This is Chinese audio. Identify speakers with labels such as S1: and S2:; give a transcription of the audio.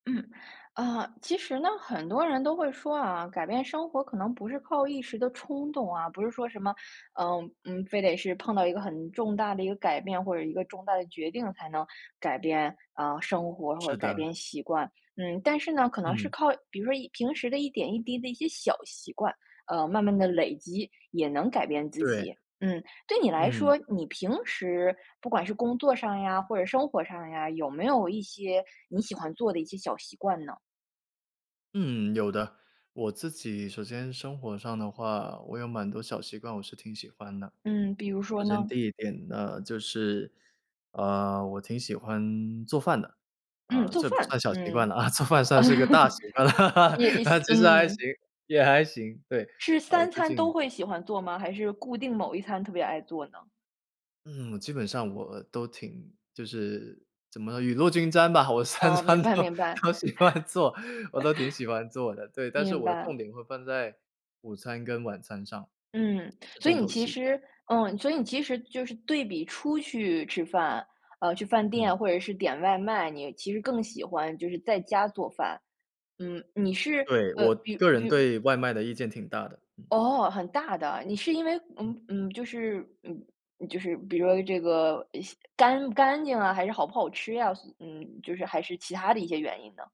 S1: 嗯。啊，其实呢，很多人都会说啊，改变生活可能不是靠一时的冲动啊，不是说什么，嗯嗯，非得是碰到一个很重大的一个改变，或者一个重大的决定才能改变，嗯，生活或者
S2: 是
S1: 是改
S2: 的。
S1: 变习惯。嗯，但是呢，可能是
S2: 嗯。
S1: 靠，比如说一平时的一点一滴的一些小习惯，呃，慢慢地累积也能改变自
S2: 对。
S1: 己。嗯，对你来
S2: 嗯。
S1: 说，你平时不管是工作上呀或者生活上呀，有没有一些你喜欢做的一些小习惯呢？
S2: 嗯，有的。我自己首先生活上的话，我有蛮多小习惯，我是挺喜欢的。
S1: 嗯，比如说
S2: 首先
S1: 呢？
S2: 第一点，那就是，呃，我挺喜欢做饭的。
S1: 嗯，
S2: 嗯，
S1: 做
S2: 这不算
S1: 饭。
S2: 小习惯
S1: 嗯，
S2: 了 做饭算是个大习 惯
S1: 也
S2: 了，
S1: 思
S2: 其实还行，
S1: 嗯。
S2: 也还行，对。
S1: 是
S2: 啊，我
S1: 三
S2: 最
S1: 餐
S2: 近
S1: 都会喜欢做吗？还是固定某一餐特别爱做呢？
S2: 嗯，我基本上我都挺就是怎么雨露均沾吧。我3
S1: 哦，
S2: 餐
S1: 明白
S2: 都
S1: 明白。
S2: 都喜欢做，我都挺喜欢做的。对，但 是
S1: 明
S2: 我
S1: 白。
S2: 重点会放在午餐跟晚餐上，
S1: 嗯，
S2: 是
S1: 所以
S2: 重
S1: 你
S2: 头
S1: 其
S2: 戏。
S1: 实嗯，所以你其实就是对比出去吃饭，呃，去饭
S2: 嗯。
S1: 店或者是点外卖，你其实更喜欢就是在家做饭。嗯，你是
S2: 对，
S1: 呃，
S2: 我
S1: 比如
S2: 个人
S1: 比如
S2: 对外卖的意见挺大的，嗯。
S1: 哦，很大的。你是因为
S2: 嗯。
S1: 嗯嗯，就是，嗯就是比如说这个，呃，西干不干净啊，还是好不好吃呀，所嗯，就是还是其它的一些原因呢？